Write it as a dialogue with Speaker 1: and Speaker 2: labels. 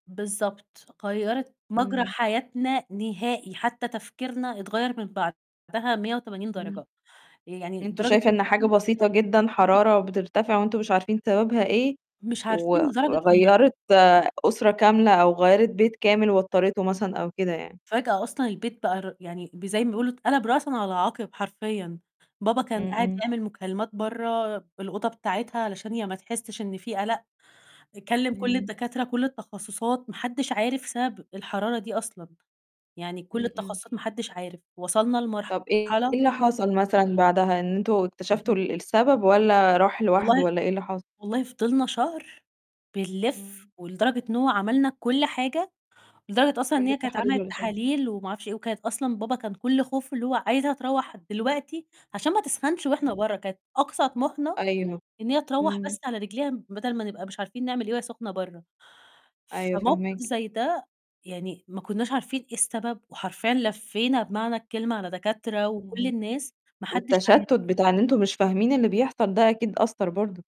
Speaker 1: بالضبط، غيّرِت مجرى
Speaker 2: إمم.
Speaker 1: حياتنا نهائي، حتى تفكيرنا اتغيّر من بعدها 180
Speaker 2: إمم،
Speaker 1: درجة، يعني
Speaker 2: أنتم
Speaker 1: درجة
Speaker 2: شايفة إن حاجة
Speaker 1: إن
Speaker 2: بسيطة جدًا
Speaker 1: [unintelligible]
Speaker 2: حرارة بترتفع وأنتم مش عارفين سببها إيه
Speaker 1: مش
Speaker 2: و
Speaker 1: عارفين لدرجة إن
Speaker 2: وغيّرِت أسرة كاملة أو غيّرِت بيت كامل واضطريته مثلًا أو كده يعني.
Speaker 1: فجأة أصلًا البيت بقى ر يعني ب زي ما بيقولوا اتقلب رأسًا على عَقِب حرفيًا، بابا كان
Speaker 2: إمم،
Speaker 1: قاعد
Speaker 2: إمم.
Speaker 1: يعمل مكالمات بَرّه بالأوضة بتاعتها علشان هي ما تحسّش إن في قلق، كلّم كل
Speaker 2: إمم.
Speaker 1: الدكاترة، كل التخصصات، ما حدش عارف سبب الحرارة دي أصلًا، يعني كل
Speaker 2: إمم، إمم.
Speaker 1: التخصصات ما حدش عارف، وصلنا
Speaker 2: طَب إيه
Speaker 1: لمرحلة
Speaker 2: اللي حصل مثلًا بعدها إن أنتم اكتشفتوا
Speaker 1: اهم.
Speaker 2: ال السبب والّا راح لوحده
Speaker 1: والله
Speaker 2: والّا إيه اللي حصل؟
Speaker 1: والله فضلنا شهر بنلِف
Speaker 2: إمم.
Speaker 1: ولدرجة إن هو عملنا كل حاجة، لدرجة أصلًا إن
Speaker 2: كل
Speaker 1: هي كانت
Speaker 2: التحاليل
Speaker 1: عملت
Speaker 2: والاشعة.
Speaker 1: تحاليل وما أعرفش إيه وكانت أصلًا بابا كان كُلّه خوفه اللي هو عايزها تروّح دلوقتي عشان ما تسخنش وإحنا
Speaker 2: إمم.
Speaker 1: بَرّه، كانت أقصى طموحنا
Speaker 2: أيوه،
Speaker 1: إن هي تروّح
Speaker 2: إمم.
Speaker 1: بس على رجليها بدل ما نبقى مش عارفين نعمل إيه وهي سخنة بَرّه،
Speaker 2: أيوه
Speaker 1: فموقِف
Speaker 2: فاهماكِ.
Speaker 1: زي ده يعني ما كُنّاش عارفين إيه السبب وحرفيًا لفّينا بمعنى الكلمة على دكاترة وكل
Speaker 2: إمم،
Speaker 1: الناس ما حدش
Speaker 2: والتشتت
Speaker 1: عارف.
Speaker 2: بتاع إن أنتم مش فاهمين اللي بيحصل ده أكيد أثّر برضه.